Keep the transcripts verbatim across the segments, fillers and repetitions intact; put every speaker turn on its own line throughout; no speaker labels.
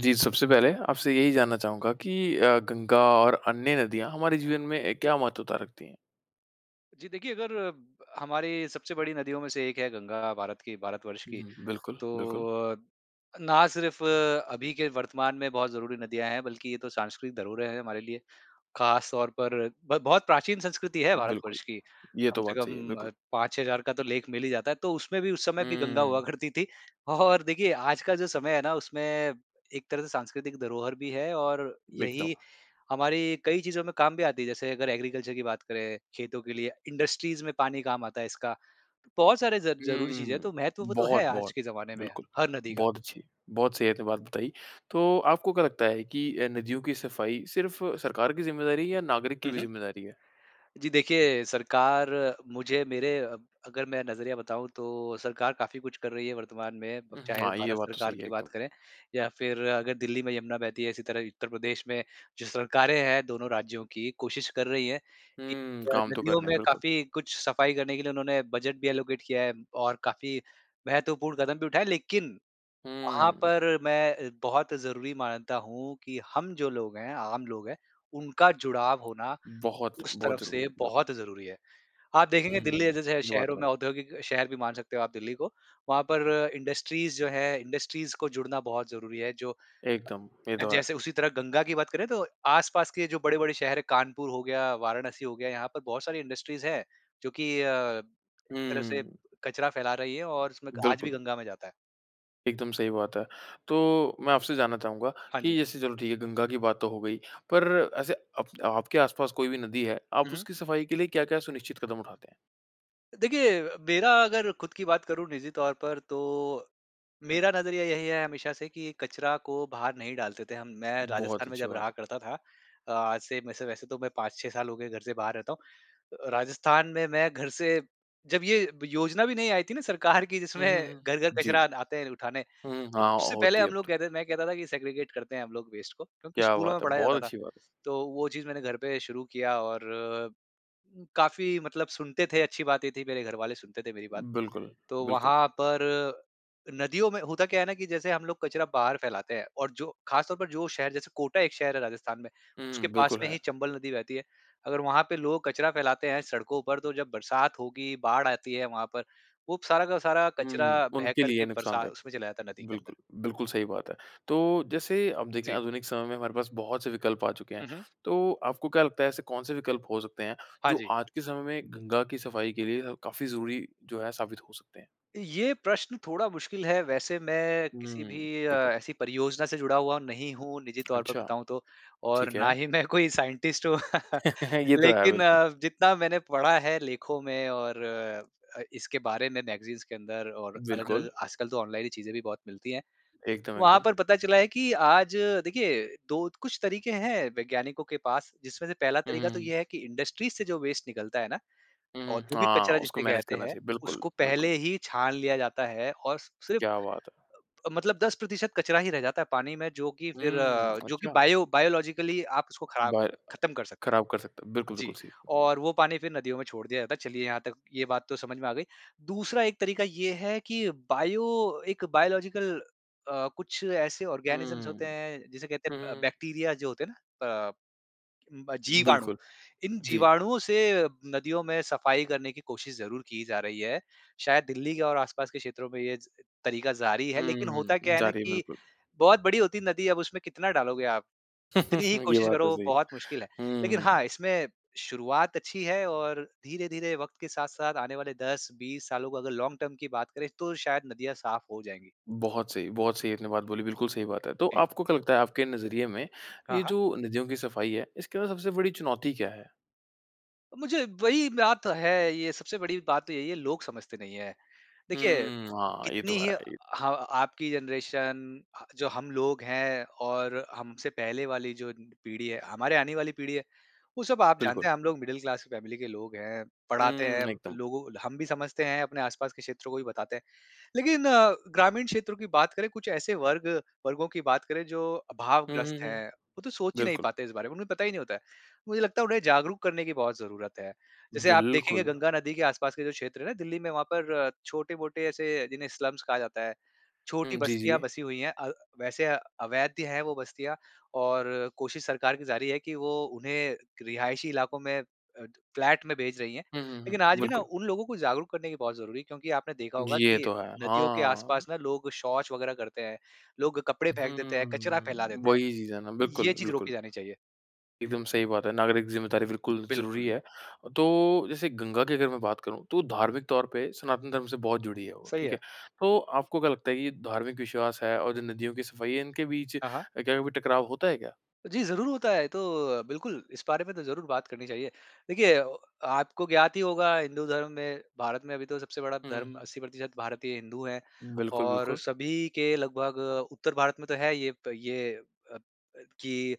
जी सबसे पहले, आपसे यही जानना चाहूँगा कि अ, गंगा और अन्य नदियाँ हमारे जीवन में क्या महत्वता रखती हैं?
जी, देखिए अगर अ, हमारी सबसे बड़ी नदियों में से एक है गंगा, भारत की भारत वर्ष की।
हुँ, बिल्कुल। बिल्कुल।
तो अ, ना सिर्फ अभी के वर्तमान में बहुत ज़रूरी नदियाँ हैं, बल्कि ये तो सांस्कृत धरोहर है हमारे लिए। खास तौर पर ब बहुत प्राचीन संस्कृति है
बिल्कुल।
भारतवर्ष की,
ये
कम
तो
से
बात सही है,
कम
बिल्कुल।
अ, पाँच छह हज़ार का तो लेख मिल ही जाता है। तो उसमें भी उस समय भी गंगा हुआ
हम्म।
करती थी, और देखिए आज का जो समय है ना, उसमें एक तरह से सांस्कृतिक धरोहर भी है, और
एकदम।
यही हमारी कई चीज़ों में काम भी आती है। जैसे अगर एग्रीकल्चर की बात करें, खेतों के लिए, इंडस्ट्रीज़ में पानी काम आता है इसका। बहुत सारे ज ज़रूरी चीज़ है तो
हम्म।
महत्व वो तो है,
बहुत,
आज
बहुत।
के ज़माने में
बिल्कुल।
हर नदी का।
बहुत अच्छी। बहुत सही अपने बात बताई। तो आपको क्या लगता है कि अ, नदियों की सफाई सिर्फ सरकार की जिम्मेदारी है, या नागरिक की
हुँ,
भी
हुँ।
ज़िम्मेदारी है?
जी देखिए, सरकार मुझे मेरे अब अगर मैं नज़रिया बताऊँ तो सरकार काफ़ी कुछ कर रही है वर्तमान में, अब
हुँ,
चाहें
हाँ, ये
भारत
बात तो
सरकार
सही है
की
एकदम।
बात करें या फिर अगर दिल्ली में यमुना बहती है, इसी तरह उत्तर प्रदेश में जो सरकारें हैं, दोनों राज्यों की कोशिश कर रही हैं, कि
हम्म,
अ,
काम तो
नदियों
करना है
में
बिल्कुल।
काफ़ी कुछ सफाई करने के लिए उन्होंने बजट भी एलोकेट किया है। और काफ़ी महत्वपूर्ण कदम भी उठाए, लेकिन, वहाँ
हुँ।
पर मैं बहुत ज़रूरी मानता हूँ कि, हम जो लोग हैं, आम लोग है उनका जुड़ाव होना,
बहुत,
उस
बहुत
तरफ
ज़रूरी
से
है बिल्कुल।
बहुत ज़रूरी है। आप देखेंगे दिल्ली
हुँ।
जे जैसे शह
ये बात
शहरों
तो है।
में औद्योगिक शहर भी मान सकते हो आप दिल्ली को वहाँ पर इंडस्ट्रीज़ जो हैं इंडस्ट्रीज़ को जुड़ना बहुत ज़रूरी है जो
एकदम। ये तो है।
जैसे उसी तरह गंगा की बात करें, तो आस-पास के जो बड़े-बड़े शहर है, कानपुर हो गया, वाराणसी हो गया यहाँ पर बहुत सारी इंडस्ट्रीज़ हैं, जो की अ, एक तरह से
हुँ।
कचरा फैला रही हैं, और उसमें आज भी
बिल्कुल।
गंगा में जाता है।
एकदम सही बात है। तो मैं आपसे जानना चाहूँगा
हाँ जी।
कि जैसे चलो ठीक है गंगा की बात तो हो गई, पर ऐसे अप आपके आसपास कोई भी नदी है,
हुँ,
आप
हुँ।
उसकी सफ़ाई के लिए क्या-क्या सुनिश्चित कदम उठाते हैं?
देखिए अ, मेरा अगर खुद की बात करूँ निजी तौर पर, तो मेरा नज़रिया यही है हमेशा से कि कचरा को बाहर नहीं डालते थे हम। मैं
बहुत
राजस्थान में
अच्छी
जब
बात
रहा
है।
करता था अ, आज से मैं से वैसे तो मैं पाँच छह साल हो गए, घर से बाहर रहता हूँ। अ, राजस्थान में मैं घर से जब ये ब योजना भी नहीं आई थी ना सरकार की
हुँ,
जिसमें
हुँ, हुँ।
घर-घर कचरा
जी।
आन आते हैं उठाने।
हुँ, हुँ। हाँ,
उससे पहले
होती है
हम
अब
लोग
तो।
कहते मैं कहता था कि, "सेग्रिगेट करते हैं हम लोग वेस्ट को" क्योंकि
क्या
स्कूलों
बात
में
है!
पढ़ाया
बहुत
जाता था।
अच्छी बात।
तो वो चीज़ मैंने घर पे शुरू किया और काफ़ी मतलब सुनते थे, अच्छी बात ये थी मेरे घर वाले सुनते थे मेरी बात।
बिल्कुल,
तो
बिल्कुल।
वहाँ पर नदियों में होता क्या है ना कि जैसे हम लोग कचरा बाहर फैलाते हैं और जो ख़ासतौर पर जो शहर जैसे कोटा एक शहर है राजस्थान में,
हुँ,
उसके
हुँ,
पास
बिल्कुल
में
है।
ही चंबल नदी बहती है। अगर वहाँ पे लोग कचरा फैलाते हैं सड़कों पर, तो जब बरसात होगी, बाढ़ आती है वहाँ पर, वो सारा का सारा कचरा
हुँ।
बह
उनके
कर
लिए
के बरसा
नुक़सानदायक।
उसमें चला जाता है नदी के अंदर।
बिल्कुल, बिल्कुल सही बात है। तो जैसे आप देखें
जी।
आधुनिक समय में हमारे पास बहुत-से विकल्प आ चुके हैं,
हुँ, हुँ।
तो आपको क्या लगता है, ऐसे कौन-से विकल्प हो सकते हैं,
हाँ
जो
जी।
आज के समय में गंगा की सफ़ाई के लिए ह काफ़ी ज़रूरी जो है साबित हो सकते हैं?
ये प्रश्न थोड़ा मुश्किल है। वैसे मैं किसी
हुँ,
भी अ,
बिल्कुल।
ऐसी परियोजना से जुड़ा हुआ नहीं हूँ, निजी तौर पर
अच्छा।
बताऊँ तो और
ठीक
ना
है।
ही मैं कोई साइन्टिस्ट हूँ।
ये तो है,
लेकिन
बिल्कुल।
जितना मैंने पढ़ा है लेखों में और अ, इसके बारे में मैगज़ीन्स के अंदर और
बिल्कुल।
अलग-अलग आजकल तो ऑनलाइन ही चीज़ें भी बहुत मिलती हैं।
एकदम,
वहाँ
एकदम।
पर पता चला है कि आज, देखिए, दो कुछ तरीके हैं वैज्ञानिकों के पास, जिसमें से पहला
हुँ,
तरीका
हुँ,
तो
हुँ।
ये है कि इंडस्ट्रीज़ से जो वेस्ट निकलता है ना,
हुँ, हुँ।
औद्योगिक
हाँ,
कचरा
उसको
जिसे
मैनेज़
कहते
करना
हैं,
चाहिए। बिल्कुल,
उसको पहले
बिल्कुल।
ही छान लिया जाता है और सिर्फ़
क्या बात है।
अ, मतलब दस प्रतिशत कचरा ही रह जाता है पानी में, जो कि फ़िर
हुँ,
जो कि
अच्छा।
बायो बायोलॉजिकली आप उसको ख़राब
बाय अ,
ख़त्म कर सकते हैं।
ख़राब कर सकता है। बिल्कुल,
जी,
बिल्कुल, सही।
और वो पानी फ़िर नदियों में छोड़ दिया जाता है। चलिए, यहाँ तक ये बात तो समझ में आ गई। दूसरा एक तरीका ये है कि बायो एक बायोलॉज़िकल अ, कुछ ऐसे ऑर्गैनिज़म्ज़ होते
हुँ।
हैं, जिसे कहते
हुँ,
हैं ब
हुँ।
बैक्टीरिया जो होते हैं ना अ, ब जीवाणु।
बिल्कुल।
इन
जी।
जीवाणुओं से नदियों में सफ़ाई करने की कोशिश ज़रूर की जा रही है। शायद दिल्ली के और आसपास के क्षेत्रों में ये तरीका ज़ारी है। लेकिन होता
हुँ।
क्या है
जा
ना
रही है,
कि
बिल्कुल।
बहुत बड़ी होती है नदी, अब उसमें कितना डालोगे आप? कितनी ही
ये
कोशिश
बात तो
करो,
सही है।
बहुत मुश्किल है। लेकिन
हुँ।
हाँ, इसमें शुरुआत अच्छी है और धीरे-धीरे वक़्त के साथ-साथ आने वाले दस बीस सालों को अगर लॉन्ग टर्म की बात करें, तो शायद नदियाँ साफ़ हो जाएँगी।
बहुत सही बहुत सही आपने बात बोली। बिल्कुल सही बात है। तो
जी।
आपको क्या लगता है, आपके नज़रिए में
हाँ,
ये
हाँ।
जो नदियों की सफ़ाई है, इसके अंदर सबसे बड़ी चुनौती क्या है?
मुझे वही बात तो है ये, सबसे बड़ी बात तो यही है, लोग समझते नहीं हैं। देखिए
हम्म। हाँ ये
कितनी
तो
ही
है ही।
ह आपकी जनरेशन ह जो हम लोग हैं, और हमसे पहले वाली जो पीढ़ी है, हमारे आने वाली पीढ़ी है, वो सब आप
बिल्कुल।
जानते हैं हम लोग मिडल क्लास फ़ैमिली के लोग हैं, पढ़ाते हैं
हुँ, एकदम।
लोगों हम भी समझते हैं, अपने आस-पास के क्षेत्रों को भी बताते हैं। लेकिन अ, ग्रामीण क्षेत्रों की बात करें कुछ ऐसे वर्ग वर्गों की बात करें जो
हुँ, हुँ,
अभावग्रस्त
हुँ।
हैं। वो तो सोच ही नहीं
बिल्कुल।
पाते इस बारे में, उन्हें पता ही नहीं होता है। मुझे लगता है उन्हें जागरूक करने की बहुत ज़रूरत है। जैसे आप देखेंगे
बिल्कुल।
गंगा नदी के आस-पास के जो क्षेत्र हैं ना, दिल्ली में वहाँ पर छोटे-मोटे ऐसे जिन्हें स्लम्स कहा जाता है। छोटी
हुँ। जी,
बस्तियाँ
जी।
बसी हुई हैं। अ, वैसे अवैध हैं वो बस्तियाँ और कोशिश सरकार की जारी है, कि वो उन्हें रिहायशी इलाकों में अ, फ्लैट में भेज रही है।
हुँ, हुँ,
लेकिन
हुँ।
आज भी ना
बिल्कुल।
उन लोगों को जागरूक करने की बहुत ज़रूरी है, क्योंकि आपने देखा
जी,
होगा
ये
कि
तो है।
नदियों के
हाँ।
आस-पास ना लोग शौच वग़ैरह करते हैं। लोग कपड़े फेंक देते हैं, कचरा फैला
हुँ,
देते हैं।
वही चीज़ है ना।
ये
बिल्कुल,
चीज़
बिल्कुल।
रोकी जानी चाहिए।
एकदम सही बात है। नागरिक ज़िम्मेदारी बिल्कुल ज़रूरी
बिल्कुल।
है। तो जैसे गंगा की अगर मैं बात करूँ, तो धार्मिक तौर पे सनातन धर्म से बहुत जुड़ी है वो।
सही
ठीक
है।
है? तो आपको क्या लगता है, ये धार्मिक विश्वास है, और जो नदियों की सफ़ाई है, इनके बीच
हाँ, हाँ।
क्या कभी टकराव होता है क्या?
जी, ज़रूर होता है। तो अ, बिल्कुल इस बारे में तो ज़रूर बात करनी चाहिए। देखिए आपको ज्ञात ही होगा हिंदू धर्म में भारत में अभी तो सबसे बड़ा
हुँ, हुँ,
धर्म
हुँ।
अस्सी प्रतिशत भारतीय हिंदू है।
बिल्कुल,
और
बिल्कुल।
सभी के लगभग उत्तर भारत में तो है ये, प ये अ अ, कि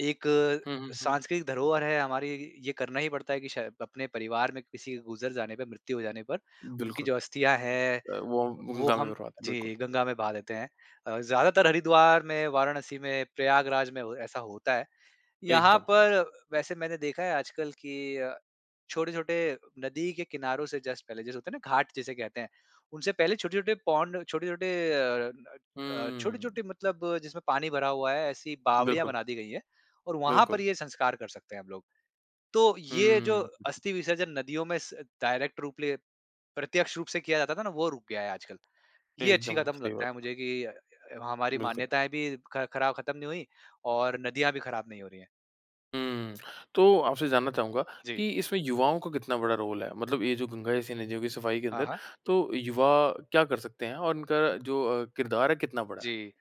एक
हुँ, हुँ, हुँ।
सांस्कृतिक धरोहर है हमारी ये करना ही पड़ता है कि शाय अपने परिवार में किसी गुज़र जाने पे मृत्यु हो जाने पर उनकी
बिल्कुल।
जो अस्थियाँ हैं
अ, वो हम
वो
गंगा में
हम
भरवाते है, बिल्कुल।
जी, गंगा में बहा देते हैं। अ, ज़्यादातर हरिद्वार में, वाराणसी में, प्रयागराज में हो ऐसा होता है। यहाँ
एकदम।
पर वैसे मैंने देखा है आजकल कि अ, छोटे-छोटे नदी के किनारों से जस्ट पहले जैसे होता है ना घाट जिसे कहते हैं। उनसे पहले छोटे-छोटे पोंड छोटे-छोटे अ अ,
हम्म।
छोटे-छोटे मतलब जिसमें पानी भरा हुआ है ऐसी बावड़ियाँ
बिल्कुल।
बना दी गई हैं। और वहाँ पर
बिल्कुल।
ये संस्कार कर सकते हैं हम लोग। तो ये जो
हम्म।
अस्थि विसर्जन नदियों में स डायरेक्ट रूप ले प्रत्यक्ष रूप से किया जाता था ना, वो रुक गया है आजकल। ये अच्छी
एकदम
क़दम
सही
लगता
बात
है
है।
मुझे कि अ, हमारी
बिल्कुल।
मान्यताएँ भी ख़ ख़राब ख़त्म नहीं हुई और नदियाँ भी ख़राब नहीं हो रही हैं।
हुँ। तो आपसे जानना चाहूँगा
जी।
कि इसमें युवाओं का कितना बड़ा रोल है। मतलब ये जो गंगा जैसी नदियों की सफ़ाई के
हाँ,
अंदर,
हाँ।
तो युवा क्या कर सकते हैं और उनका जो अ, किरदार है, कितना बड़ा है?
जी।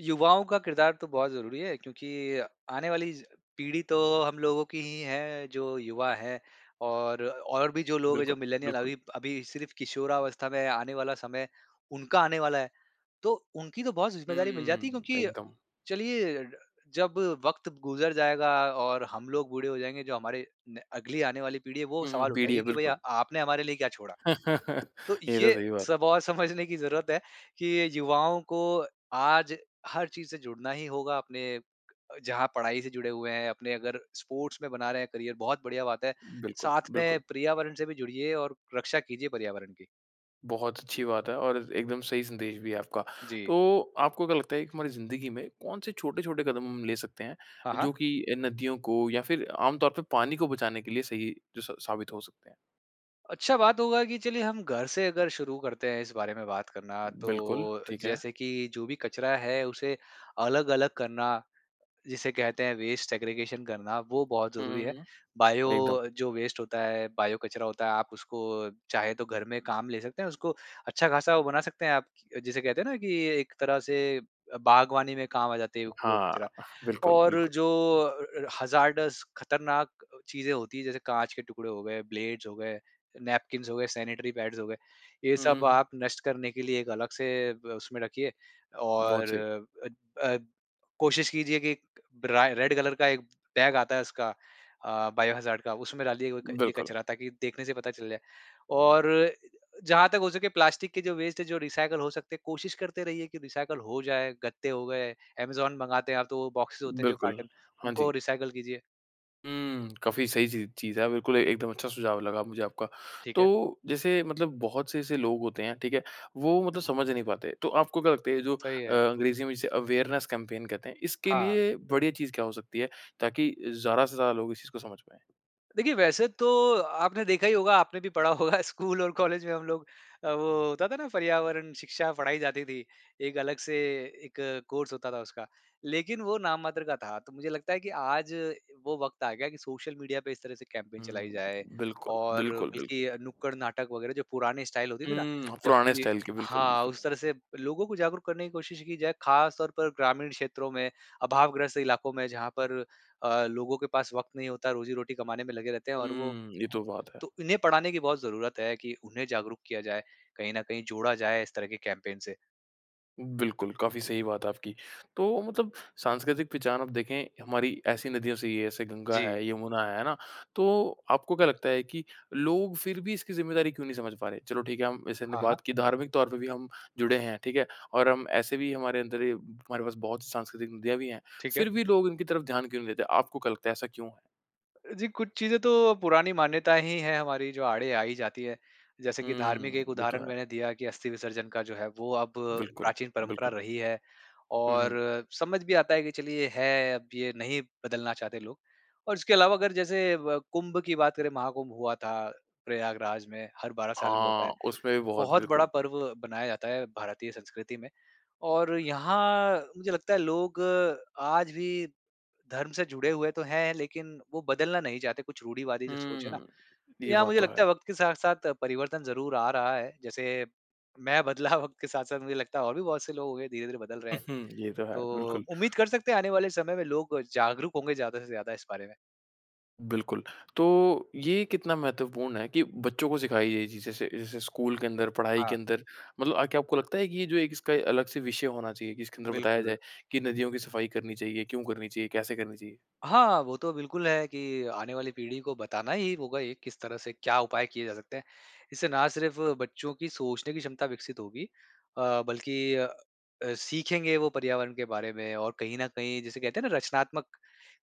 युवाओं का किरदार तो बहुत ज़रूरी है क्योंकि आने वाली ज पीढ़ी तो हम लोगों की ही हैं, जो युवा है और और भी जो लोग है,
बिल्कुल,
जो मिलेनियल
बिल्कुल।
अभी अभी सिर्फ़ किशोरावस्था में आने वाला समय, उनका आने वाला है। तो उनकी तो बहुत ज़िम्मेदारी मिल
हुँ,
जाती है क्योंकि
एकदम।
चलिए, जब वक़्त गुज़र जाएगा और हम लोग बूढ़े हो जाएँगे, जो हमारे न अगली आने वाली पीढ़ी है, वो
हुँ,
सवाल
पीढ़ी है,
उठाएगी कि, "भैया,
बिल्कुल।
आपने हमारे लिए क्या छोड़ा? तो
ये तो
ये
सही बात।
सब और समझने की ज़रूरत है कि ये युवाओं को आज हर चीज़ से जुड़ना ही होगा अपने अ, जहाँ पढ़ाई से जुड़े हुए हैं, अपने अगर स्पोर्ट्स में बना रहे हैं करियर, बहुत बढ़िया बात है।
बिलकुल,
साथ में
बिलकुल।
पर्यावरण से भी जुड़िए और रक्षा कीजिए पर्यावरण की।
बहुत अच्छी बात है और एकदम सही संदेश भी है आपका।
जी।
तो आपको क्या लगता है कि हमारी ज़िंदगी में कौन-से छोटे-छोटे कदम हम ले सकते हैं,
हाँ, हाँ।
जो कि अ, नदियों को या फिर आम तौर पर पानी को बचाने के लिए सही जो स साबित हो सकते हैं?
अच्छा बात होगा कि चलिए हम घर से अगर शुरू करते हैं इस बारे में बात करना,
बिल्कुल।
तो
ठीक है।
जैसे कि जो भी कचरा है उसे अलग-अलग करना, जिसे कहते हैं वेस्ट सेग्रीगेशन करना, वो बहुत
हुँ,
ज़रूरी है।
हुँ,
बायो
हुँ। एकदम।
अ, जो वेस्ट होता है, बायो कचरा होता है, आप उसको चाहे तो घर में काम ले सकते हैं। उसको अच्छा खासा वो बना सकते हैं आप, जिसे कहते हैं ना कि एक तरह से अ, बागवानी में काम आ जाते है व वो
हाँ।
कचरा।
बिल्कुल,
और
बिल्कुल।
जो अ अ, हज़ार्डस, खतरनाक अ, चीज़ें होती हैं, जैसे काँच के टुकड़े हो गए, ब्लेड्स हो गए, नैपकिंस हो गए, सैनिटरी पैड्स हो गए। ये
हुँ,
सब
हुँ
आप नष्ट करने के लिए एक अलग से ब उसमें रखिए।
बहुत
और
सही।
अ अ, कोशिश कीजिए कि एक राय रेड कलर का एक बैग आता है उसका अ, बायो हज़ार्ड का, उसमें डालिये वो एक ये
बिल्कुल।
कचरा ताकि देखने से पता चल जाए। और जहाँ तक हो सके प्लास्टिक के जो वेस्ट हैं, जो रीसायकल हो सकते हैं, कोशिश करते रहिए कि रीसायकल हो जाए। गद्दे हो गए, अमेज़ोन मँगाते हैं आप तो वो बॉक्सेस होते हैं जो
बिल्कुल।
कार्टन,
हाँ,
उनको
जी।
रीसायकल कीजिए।
हुँ। काफ़ी सही सी चीज़ है, बिल्कुल, एकदम अच्छा सुझाव लगा मुझे आपका।
ठीक है।
तो जैसे मतलब बहुत से ऐसे लोग होते हैं, ठीक है, वो मतलब समझ नहीं पाते। तो आपको क्या लगता ये जो
सही
अ,
है।
अंग्रेजी में जिसे अवेयरनेस कैंपेन कहते हैं, इसके
हाँ।
लिए बढ़िया चीज़ क्या हो सकती है। ताकि ज़्यादा से ज़्यादा लोग इस चीज़ को समझ पाएँ?
देखिए वैसे तो, आपने देखा ही होगा आपने भी पढ़ा होगा स्कूल और कॉलेज में हम लोग अ, वो होता था ना पर्यावरण शिक्षा पढ़ाई जाती थी। एक अलग से एक कोर्स होता था उसका। लेकिन वो नाम मात्र का था, तो मुझे लगता है कि आज वो वक़्त आ गया कि सोशल मीडिया पे इस तरह से कैंपेन
हुँ, हुँ,
चलाई जाए
हुँ। बिल्कुल,
और
बिल्कुल, बिल्कुल।
बल्कि अ, नुक्कड़-नाटक वगैरह जो पुराने स्टाइल होती थी ना
हुँ,
जब
पुराने
भी
स्टाइल के। बिल्कुल,
हाँ,
बिल्कुल।
उस तरह से लोगों को जागरूक करने की कोशिश की जाए। खास तौर पर ग्रामीण क्षेत्रों में, अभावग्रस्त इलाकों में जहाँ पर अ, लोगों के पास वक़्त नहीं होता रोज़ी-रोटी कमाने में लगे रहते हैं, और वो
हुँ, ये तो बात है।
तो इन्हें पढ़ाने की बहुत ज़रूरत है कि उन्हें जागरूक किया जाए, कहीं न कहीं जोड़ा जाए इस तरह के कैंपेन से।
बिल्कुल, काफ़ी सही बात है आपकी। तो मतलब, सांस्कृतिक पहचान आप देखें हमारी ऐसी नदियों से ही है। ऐसे गंगा
जी।
है यमुना है, है ना? तो आपको क्या लगता है कि लोग फिर भी इसकी ज़िम्मेदारी क्यों नहीं समझ पा रहे? चलो ठीक है हम जैसे हमने
हाँ, हाँ।
बात की धार्मिक तौर पर भी हम जुड़े हैं, ठीक है? और हम ऐसे भी हमारे अंदर ये हमारे पास बहुत सांस्कृतिक नदियाँ भी हैं।
ठीक है।
फिर भी लोग इनकी तरफ ध्यान क्यों नहीं देते, आपको क्या लगता है ऐसा क्यों?
जी कुछ चीज़ें तो पुरानी मान्यताएँ हीं है हमारी जो आड़े आ ही जाती हैं। जैसे कि धार्मिक
हुँ,
एक
ये तो
उदाहरण
है।
मैंने दिया की अस्थि-विसर्जन का जो है, वो अब
बिल्कुल,
प्राचीन परंपरा
बिल्कुल।
रही है।
हुँ,
और
हुँ।
समझ भी आता है कि चलिए है अब ये नहीं बदलना चाहते लोग। और इसके अलावा अगर जैसे व कुँभ की बात करें महाकुँभ हुआ था, प्रयागराज में। हर बारह साल में होता है।
हाँ, उसपे भी बहुत
बहुत बड़ा
बिल्कुल।
पर्व मनाया जाता है भारतीय संस्कृति में। और यहाँ, मुझे लगता है लोग आज भी धर्म से जुड़े हुए तो हैं लेकिन वो बदलना नहीं चाहते कुछ रूढ़िवादी जो सोच है ना?
हुँ।
तो
ये
यहाँ
बात
मुझे
तो है।
लगता है वक़्त के साथ-साथ परिवर्तन ज़रूर आ रहा है। जैसे मैं बदला वक़्त के साथ-साथ मुझे लगता है और भी बहुत से लोग होंगे धीरे-धीरे बदल रहे हैं।
ये तो है,
तो
बिल्कुल।
उम्मीद कर सकते हैं आने वाले समय में लोग जागरूक होंगे ज़्यादा से ज़्यादा इस बारे में।
बिल्कुल। तो ये कितना महत्वपूर्ण है कि बच्चों को सिखाई ये चीज़े से जैसे स्कूल के अंदर, पढ़ाई के
हाँ।
अंदर, मतलब अ, क्या आपको लगता है कि ये जो एक इसका अ, अलग से विषय होना चाहिए? कि इसके अंदर बताया
बिल्कुल।
जाए कि नदियों की सफाई करनी चाहिए, क्यों करनी चाहिए, कैसे करनी चाहिए?
हाँ, वो तो बिल्कुल है। कि आने वाली पीढ़ी को बताना ही होगा ये किस तरह से क्या उपाय किए जा सकते हैं। इससे ना सिर्फ बच्चों की सोचने की क्षमता विकसित होगी अ, बल्कि अ, सीखेंगे वो पर्यावरण के बारे में। और कहीं न कहीं जिसे कहते हैं ना रचनात्मक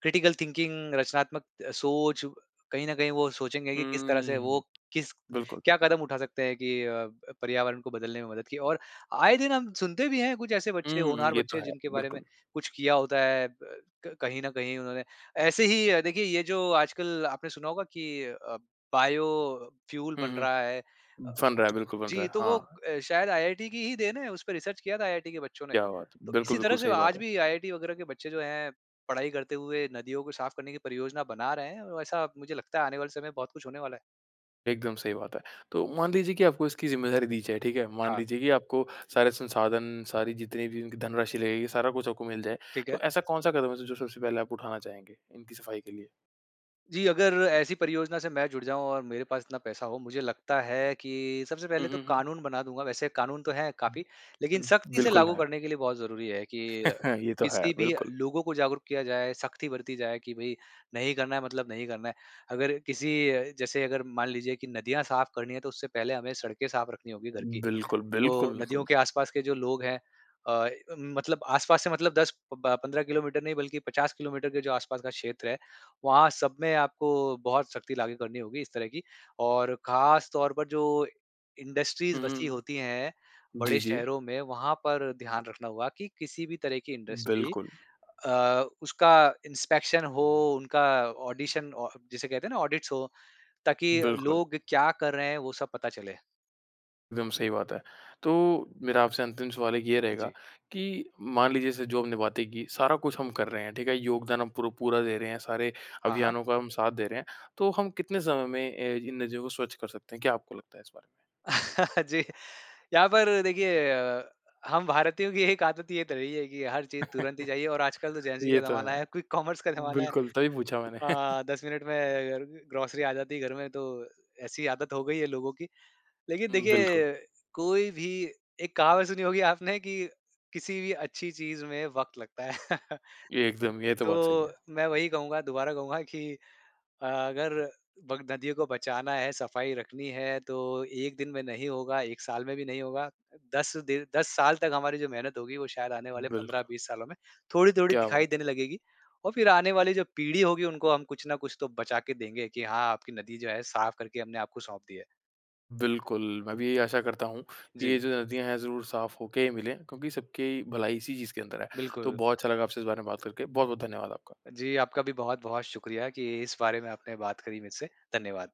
क्रिटिकल थिंकिंग, रचनात्मक अ, सोच कहीं न कहीं वो सोचेंगे कि किस तरह से वो
हम्म।
किस
बिल्कुल।
क्या कदम उठा सकते हैं कि अ, पर्यावरण को बदलने में मदद की। और आए दिन हम सुनते भी हैं कुछ ऐसे बच्चे
हुँ,
होनहार
ये तो
बच्चे
है।
जिनके बारे में
बिल्कुल।
कुछ किया होता है अ, क कहीं न कहीं उन्होंने। ऐसे ही देखिए ये जो आजकल आपने सुना होगा कि अ, बायोफ्यूल
हुँ,
बन रहा है।
हुँ। बन रहा है, बिल्कुल बन रहा
जी
है।
तो वो
हाँ।
अ, शायद आईआईटी की ही देन है। उसपे रिसर्च किया था आईआईटी के बच्चों ने।
क्या बात है!
तो
बिल्कुल,
इसी तरह
बिल्कुल
से
सही बात
आज
है।
भी आईआईटी वगैरह के बच्चे जो हैं पढ़ाई करते हुए नदियों को साफ करने की परियोजना बना रहे हैं। ऐसा मुझे लगता है आने वाले समय बहुत कुछ होने वाला है।
एकदम सही बात है। तो मान लीजिए कि आपको इसकी ज़िम्मेदारी दी जाए, ठीक है? मान
हाँ।
लीजिए कि आपको सारे संसाधन, सारी जितनी भी इनकी धनराशि लगेगी सारा कुछ आपको मिल जाए।
ठीक
तो
है।
ऐसा कौन-सा कदम है जो सबसे पहले आप उठाना चाहेंगे, इनकी सफ़ाई के लिए?
जी, अगर ऐसी परियोजना से मैं जुड़ जाऊँ और मेरे पास इतना पैसा हो मुझे लगता है कि सबसे
हुँ,
पहले तो
हुँ, हुँ।
कानून बना दूँगा वैसे कानून तो है काफ़ी लेकिन
उम,
सख्ती से
बिल्कुल
लागू
है।
करने के लिए बहुत ज़रूरी है कि,
ये तो है,
किसी भी
बिल्कुल।
लोगों को जागरूक किया जाए सख्ती बरती जाए कि भई नहीं करना है मतलब नहीं करना है। अगर किसी जैसे अगर मान लीजिए कि नदियाँ साफ़ करनी है तो उससे पहले हमें सड़कें साफ रखनी होगी घर की,
बिल्कुल, बिल्कुल, बिल्कुल,
तो नदियों के
बिलकुल।
आस-पास के जो लोग हैं। अ, मतलब आस-पास से मतलब दस प ब पंद्रह किलोमीटर नहीं बल्कि पचास किलोमीटर के जो आस-पास का क्षेत्र है वहाँ सब में आपको बहुत सख्ती लागू करनी होगी इस तरह की। और ख़ास तौर पर जो इंडस्ट्रीज़
हुँ, हुँ,
बसी होती
हुँ।
है
जी,
बड़े
जी।
शहरों में वहाँ पर ध्यान रखना होगा कि किसी भी तरह की इंडस्ट्री
बिल्कुल।
अ, उसका इंस्पेक्शन हो उनका ऑडिशन औ जिसे कहते हैं ना ऑडिट्स हो ताकि
बिल्कुल।
लोग क्या कर रहे हैं वह सब पता चले।
विम सही बात है। तो मेरा आपसे अंतिम सवाल एक ये
हाँ
रहेगा
जी।
कि मान लीजिए जैसे जो हमने बातें की, सारा कुछ हम कर रहे हैं, ठीक है। योगदान हम पुर पूरा दे रहे हैं, सारे
हाँ, हाँ।
अभियानों का हम साथ दे रहे हैं। तो हम कितने समय में अ, इन नदियों को स्वच्छ कर सकते हैं? क्या आपको लगता है इस बारे में?
जी। यहाँ पर देखिए अ, हम भारतीयों की एक आदत ये तो रही है की हर चीज़ तुरंत ही चाहिए। और आजकल तो जेन ज़ी
ये
का
तो
ज़माना
है।
है, क्विक कॉमर्स का ज़माना है।
बिल्कुल, तभी पूछा मैंने।
अ, दस मिनट में ग्रोसरी आ जाती है घर में, तो ऐसी आदत हो गयी है लोगों की। लेकिन
हुँ, बिल्कुल।
देखिए कोई भी एक कहावत सुनी होगी आपने कि किसी भी अच्छी चीज़ में वक़्त लगता है।
एकदम, ये तो बात सही
तो
है।
मैं वही कहूँगा, दोबारा कहूँगा कि अ, अगर बग नदियों को बचाना है, सफ़ाई रखनी है तो एक दिन में नहीं होगा, एक साल में भी नहीं होगा। दस दिन दस साल तक हमारी जो मेहनत होगी वो शायद आने वाले
बिल्कुल।
पंद्रह-बीस सालों में थोड़ी-थोड़ी
क्या बात
दिखाई
है!
देने लगेगी। और फिर आने वाली जो पीढ़ी होगी उनको हम कुछ ना कुछ तो बचा के देंगे कि हाँ, आपकी नदी जो है साफ़ करके हमने आपको सौंप दी है।
बिल्कुल। मैं भी यही आशा करता हूँ कि ये
जी।
जो नदियाँ है ज़रूर साफ़ होके ही मिलें, क्योंकि सबकी भलाई इसी चीज़ के अंदर है। तो
बिल्कुल।
बहुत अच्छा लगा आपसे इस बारे में बात करके। बहुत-बहुत धन्यवाद आपका।
जी, आपका भी बहुत-बहुत शुक्रिया कि इस बारे में आपने बात करी मेरे से। धन्यवाद।